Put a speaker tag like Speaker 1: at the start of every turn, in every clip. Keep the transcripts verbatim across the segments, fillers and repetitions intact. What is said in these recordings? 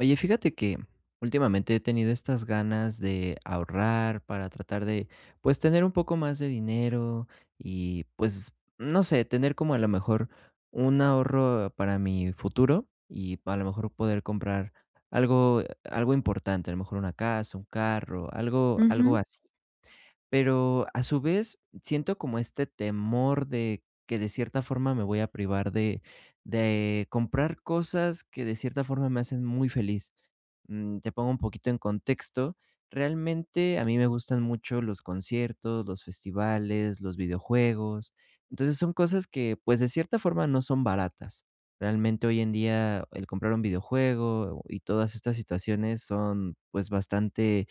Speaker 1: Oye, fíjate que, mm, últimamente he tenido estas ganas de ahorrar para tratar de, pues tener un poco más de dinero, y pues, no sé, tener como a la mejor un ahorro para mi futuro. Y pa a lo mejor poder comprar algo, algo importante, a lo mejor una casa, un carro, algo algo
Speaker 2: Ujú.
Speaker 1: así. Pero a su vez siento como este temor de que de cierta forma me voy a privar de de comprar cosas que de cierta forma me hacen muy feliz, mm, te pongo un poquito en contexto. Realmente a mí me gustan mucho los conciertos, los festivales, los videojuegos. Entonces son cosas que, pues, de cierta forma no son baratas. Realmente hoy en día, el comprar un videojuego y todas estas situaciones son, pues, bastante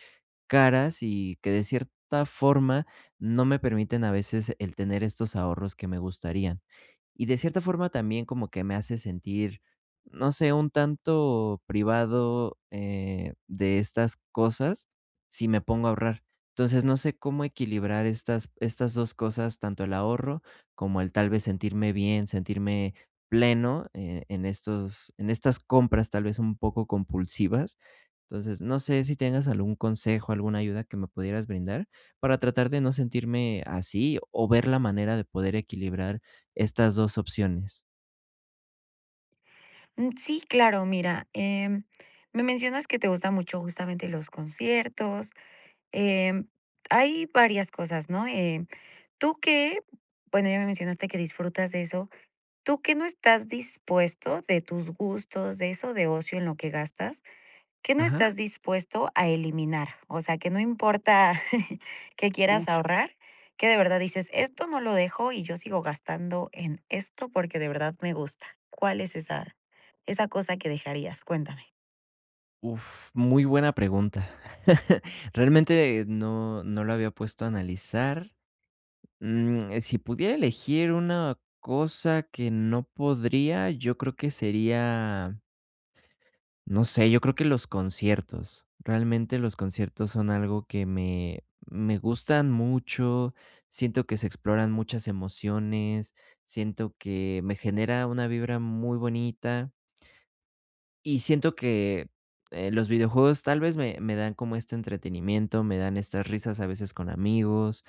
Speaker 1: caras, y que de cierta forma no me permiten a veces el tener estos ahorros que me gustarían.Y de cierta forma también como que me hace sentir, no sé, un tanto privado, eh, de estas cosas, si me pongo a ahorrar. Entonces no sé cómo equilibrar estas estas dos cosas, tanto el ahorro como el tal vez sentirme bien, sentirme pleno, eh, en estos en estas compras, tal vez un poco compulsivas. Entonces, no sé si tengas algún consejo, alguna ayuda que me pudieras brindar para tratar de no sentirme así, o ver la manera de poder equilibrar estas dos opciones.
Speaker 2: Mm, sí, claro. Mira, eh, me mencionas que te gustan mucho justamente los conciertos, em, hay varias cosas, ¿no?, eh, ¿tú qué? Bueno, ya me mencionaste que disfrutas de eso. ¿Tú qué no estás dispuesto de tus gustos, de eso de ocio en lo que gastas, qué no
Speaker 1: Ajá.
Speaker 2: estás dispuesto a eliminar? O sea que no importa que quieras
Speaker 1: Uf.
Speaker 2: ahorrar, que de verdad dices: "Esto no lo dejo, y yo sigo gastando en esto, porque de verdad me gusta". ¿Cuál es esa esa cosa que dejarías? Cuéntame.
Speaker 1: Uf, muy buena pregunta. Realmente no, no lo había puesto a analizar, mm, eh, si pudiera elegir una cosa que no podría, yo creo que sería no sé. Yo creo que los conciertos, realmente los conciertos son algo que me, me gustan mucho. Siento que se exploran muchas emociones. Siento que me genera una vibra muy bonita y siento que, eh, los videojuegos tal vez me me dan como este entretenimiento. Me dan estas risas a veces con amigos,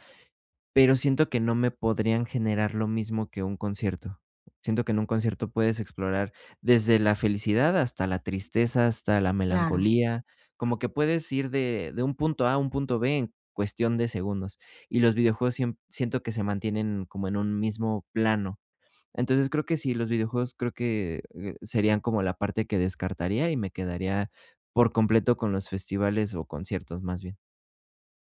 Speaker 1: pero siento que no me podrían generar lo mismo que un concierto. Siento que en un concierto puedes explorar desde la felicidad hasta la tristeza, hasta la
Speaker 2: Claro.
Speaker 1: melancolía, como que puedes ir de de un punto A a un punto B en cuestión de segundos. Y los videojuegos sie siento que se mantienen como en un mismo plano. Entonces, creo que sí, los videojuegos creo que serían como la parte que descartaría, y me quedaría por completo con los festivales, o conciertos, más bien.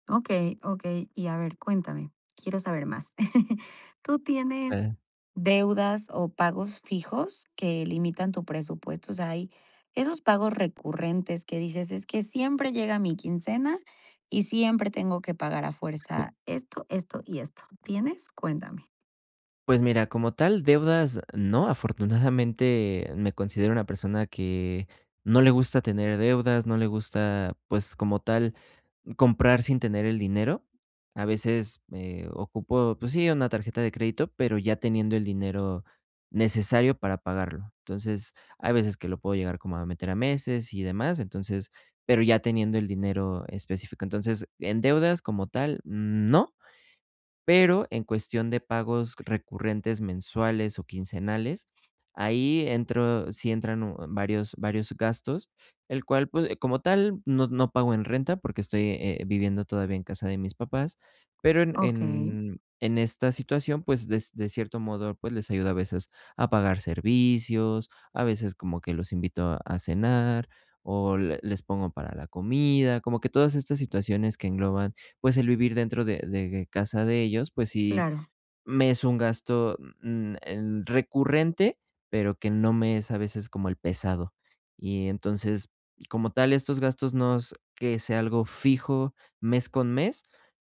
Speaker 2: Okey, okey. Y a ver, cuéntame. Quiero saber más. ¿Tú tienes
Speaker 1: [unintelligible]
Speaker 2: deudas o pagos fijos que limitan tu presupuesto? O sea, hay esos pagos recurrentes que dices: "Es que siempre llega mi quincena y siempre tengo que pagar a fuerza esto, esto y esto", ¿tienes? Cuéntame.
Speaker 1: Pues mira, como tal deudas, no, afortunadamente me considero una persona que no le gusta tener deudas, no le gusta, pues, como tal, comprar sin tener el dinero. A veces me ocupo, pues sí, una tarjeta de crédito, pero ya teniendo el dinero necesario para pagarlo. Entonces, hay veces que lo puedo llegar como a meter a meses y demás. Entonces, pero ya teniendo el dinero específico. Entonces, en deudas como tal, no. Pero en cuestión de pagos recurrentes mensuales o quincenales, ahí entro sí entran u varios varios gastos, el cual, puede como tal, no no pago en renta porque estoy, eh, viviendo todavía en casa de mis papás, pero en,
Speaker 2: Okey.
Speaker 1: en, en esta situación, pues des de cierto modo, pues, les ayudo a veces a pagar servicios, a veces como que los invito a a cenar, o le les pongo para la comida, como que todas estas situaciones que engloban, pues, el vivir dentro de, de casa de ellos. Pues sí
Speaker 2: Claro.
Speaker 1: me es un gasto, mm, mm, em, recurrente, pero que no me es a veces como el pesado. Y entonces, como tal, estos gastos no es que sea algo fijo mes con mes,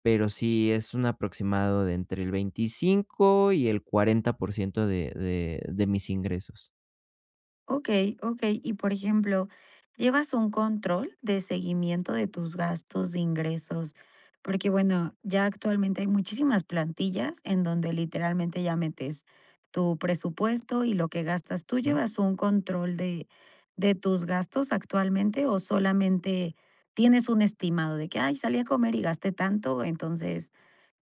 Speaker 1: pero sí es un aproximado de entre el veinticinco y el cuarenta por ciento de de, de mis ingresos.
Speaker 2: Okey, okey. Y, por ejemplo, ¿llevas un control de seguimiento de tus gastos, de ingresos? Porque, bueno, ya actualmente hay muchísimas plantillas en donde literalmente ya metes tu presupuesto y lo que gastas. ¿Tú
Speaker 1: [unintelligible]
Speaker 2: llevas un control de, de tus gastos actualmente, o solamente tienes un estimado de que: "Ay, salí a comer y gasté tanto, entonces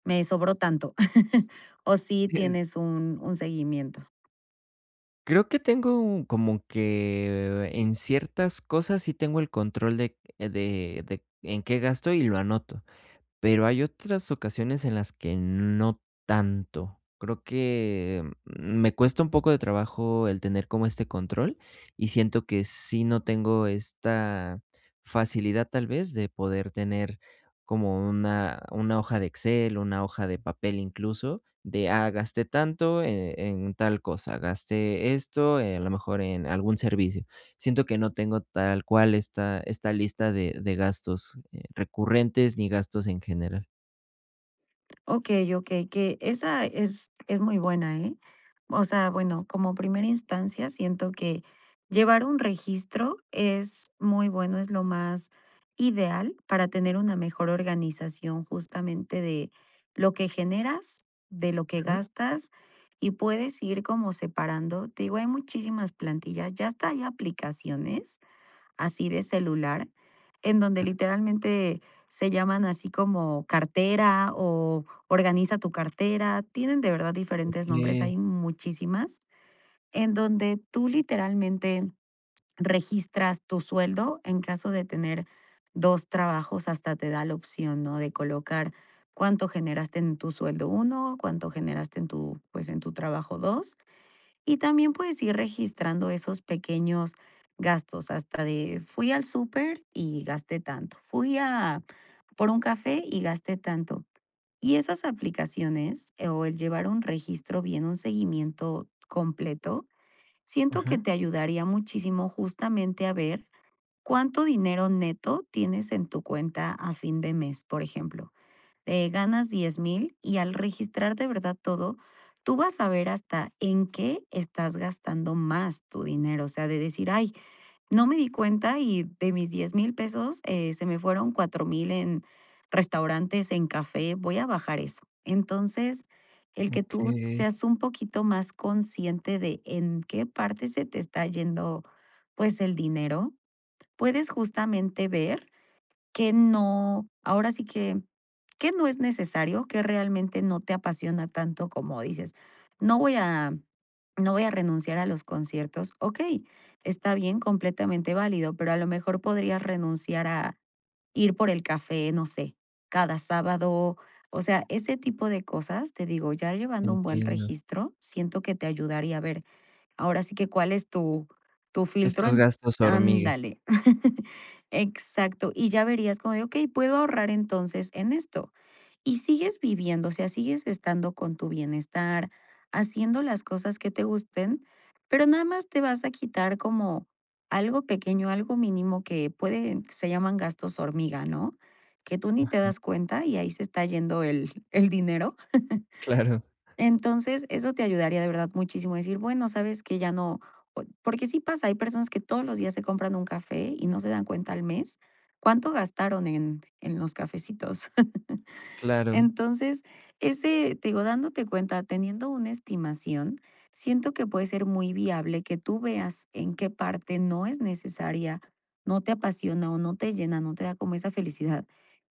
Speaker 2: me sobró tanto", o si
Speaker 1: [unintelligible]
Speaker 2: tienes un, un seguimiento?
Speaker 1: Creo que tengo un como que en ciertas cosas sí tengo el control de, eh, de, de en qué gasto y lo anoto. Pero hay otras ocasiones, en las que no tanto. Creo que, mm, me cuesta un poco de trabajo el tener como este control, y siento que sí no tengo esta facilidad, tal vez, de poder tener como una, una hoja de Excel, una hoja de papel, incluso, de: "Ah gasté tanto e en tal cosa, gasté esto, eh, a lo mejor en algún servicio. Siento que no tengo tal cual esta esta lista de, de gastos, eh, recurrentes ni gastos en general.
Speaker 2: Okey, okey, que esa es es muy buena, ¿eh?, o sea, bueno, como primera instancia, siento que llevar un registro es muy bueno, es lo más ideal para tener una mejor organización, justamente, de lo que generas, de lo que
Speaker 1: Ajá.
Speaker 2: gastas y puedes ir como separando Te digo, hay muchísimas plantillas, ya hasta hay aplicaciones así de celular, en donde literalmente se llaman así como: "Cartera o Organiza tu cartera", tienen de verdad diferentes nombres.
Speaker 1: Okey.
Speaker 2: Hay muchísimas en donde tú, literalmente, registras tu sueldo, en caso de tener dos trabajos hasta te da la opción, ¿no?, de colocar cuánto generaste en tu sueldo uno, cuánto generaste en tu, pues, en tu trabajo dos y también, puedes ir registrando esos pequeños gastos, hasta de: "Fui al súper y gasté tanto, fui, ah, por un café y gasté tanto", y esas aplicaciones, eh, o el llevar un registro bien, un seguimiento completo, siento
Speaker 1: Ajá.
Speaker 2: que te ayudaría muchísimo, justamente a ver cuánto dinero neto tienes en tu cuenta a fin de mes. Por ejemplo, eh, ganas diez mil y al registrar de verdad todo, tú vas a ver hasta en qué estás gastando más tu dinero, o sea, de decir: "Ay, no me di cuenta y de mis diez mil pesos, eh, se me fueron cuatro mil en restaurantes, en café, voy a bajar eso". Entonces, el que tú
Speaker 1: Okey.
Speaker 2: seas un poquito más consciente de, en qué parte se te está yendo, pues, el dinero. Puedes justamente ver qué no, ahora sí, que qué no es necesario, que realmente no te apasiona tanto como dices: "No voy a no voy a renunciar a los conciertos", okey, está bien, completamente válido, pero a lo mejor podrías renunciar a ir por el café, no sé, cada sábado. O sea, ese tipo de cosas, te digo, ya llevando un buen
Speaker 1: Entiendo.
Speaker 2: registro, siento que te ayudaría a ver ahora sí que cuál es tu tu filtro
Speaker 1: Estos
Speaker 2: en
Speaker 1: gastos hormigas.
Speaker 2: ándale, exacto. Y ya verías como de: "Okey, puedo ahorrar entonces en esto", y sigues viviendo, o sea, sigues estando con tu bienestar, haciendo las cosas que te gusten, pero nada más te vas a quitar como algo pequeño, mínimo que puede se llaman "gastos hormiga", ¿no?, que tú ni te
Speaker 1: Ajá.
Speaker 2: das cuenta, y ahí se está yendo el el dinero.
Speaker 1: Claro.
Speaker 2: Entonces, eso te ayudaría de verdad muchísimo a decir: "Bueno, ¿sabes que?, ya no", oy porque sí pasa, hay personas que todos los días se compran un café y no se dan cuenta al mes, cuánto gastaron en en los cafecitos.
Speaker 1: Claro.
Speaker 2: Entonces, ese te digo, dándote cuenta, teniendo una estimación, siento que puede ser muy viable que tú veas en qué parte no es necesaria, no te apasiona o no te llena, no te da como esa felicidad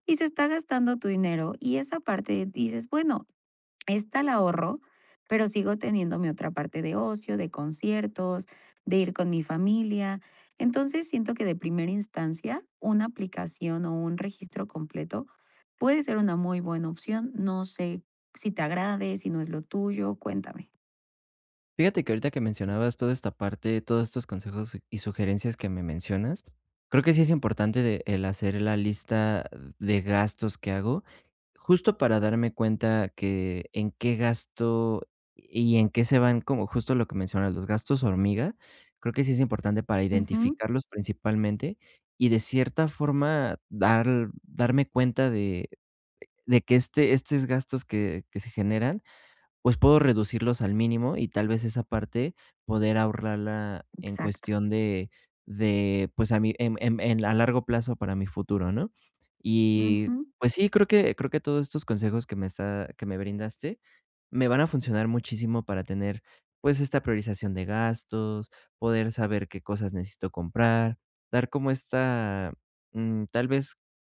Speaker 2: y se está gastando tu dinero, y esa parte dices: "Bueno, esta la ahorro, pero sigo teniendo mi otra parte de ocio, de conciertos, de ir con mi familia". Entonces, siento que de primera instancia, una aplicación o un registro completo puede ser una muy buena opción. No sé si te agrade, si no es lo tuyo. Cuéntame.
Speaker 1: Fíjate que, ahorita que mencionabas toda esta parte, todos estos consejos y sugerencias que me mencionas. Creo que sí es importante de, el hacer la lista de gastos que hago, justo para darme cuenta que en qué gasto y en qué se van como justo, lo que mencionas los gastos hormiga. Creo que sí es importante para
Speaker 2: Ujú.
Speaker 1: identificarlos principalmente, y de cierta forma dar darme cuenta de de que este estos gastos que que se generan, pues puedo reducirlos al mínimo, y tal vez, esa parte poder ahorrarla en
Speaker 2: Exacto.
Speaker 1: cuestión de de, pues, a mí, em em en a largo plazo para mi futuro, ¿no?, y
Speaker 2: Ujú.
Speaker 1: pues sí, creo que creo que todos estos consejos que me está que me brindaste, me van a funcionar muchísimo para tener, pues, esta priorización de gastos, poder saber qué cosas necesito comprar, dar como esta, mm, tal vez,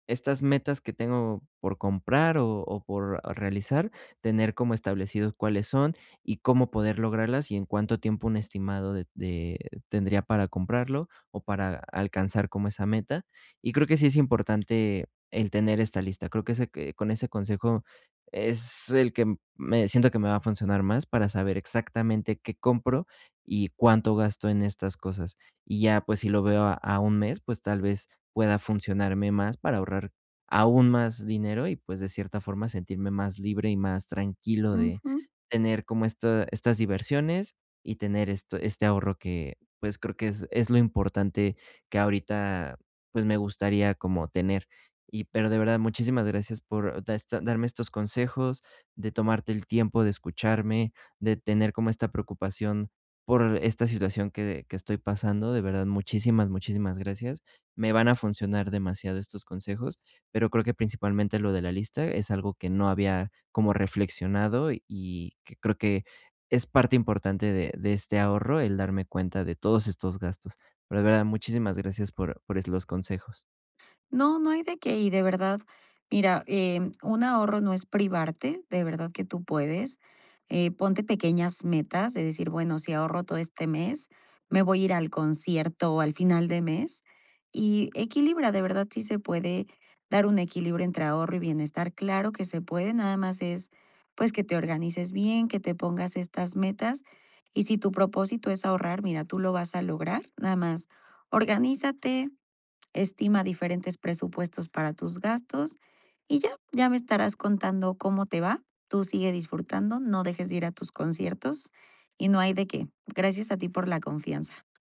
Speaker 1: estas metas que tengo por comprar o o por realizar, tener como establecidos cuáles son y cómo poder lograrlas y en cuánto tiempo un estimado de de tendría para comprarlo o para alcanzar como esa meta y creo que sí es importante el tener esta lista. Creo que ese c con ese consejo es el que me siento que me va a funcionar más para saber exactamente qué compro, y cuánto gasto en estas cosas. Y ya, pues si lo veo a a un mes, pues tal vez, pueda funcionarme más para ahorrar aún más dinero y pues, de cierta forma, sentirme más libre y más tranquilo de
Speaker 2: Ujú.
Speaker 1: tener como esta estas diversiones y tener esto este ahorro que, pues, creo que es es lo importante que ahorita, pues, me gustaría como tener, y pero de verdad, muchísimas gracias por da esta darme estos consejos, de tomarte el tiempo de escucharme, de tener como esta preocupación por esta situación que que estoy pasando, de verdad, muchísimas, muchísimas gracias. Me van a funcionar demasiado estos consejos, pero creo que principalmente lo de la lista, es algo que no había como reflexionado, y y que creo que, es parte importante de de este ahorro el darme cuenta de todos estos gastos. Pero de verdad, muchísimas gracias por por es los consejos.
Speaker 2: No, no hay de qué. Y de verdad. Mira, em, un ahorro no es privarte de verdad que tú puedes, eh, ponte pequeñas metas de decir: "Bueno, si ahorro todo este mes, me voy a ir al concierto al final de mes", y equilibra, de verdad sí, se puede dar un equilibrio entre ahorro y bienestar, claro que se puede. Nada más es, pues, que te organices bien, que te pongas estas metas. Y si tu propósito es ahorrar, mira, tú lo vas a lograr nada más organízate, estima diferentes presupuestos para tus gastos y ya, ya me estarás contando cómo te va. Tú sigue disfrutando. No dejes de ir a tus conciertos, y no hay de qué. Gracias a ti por la confianza.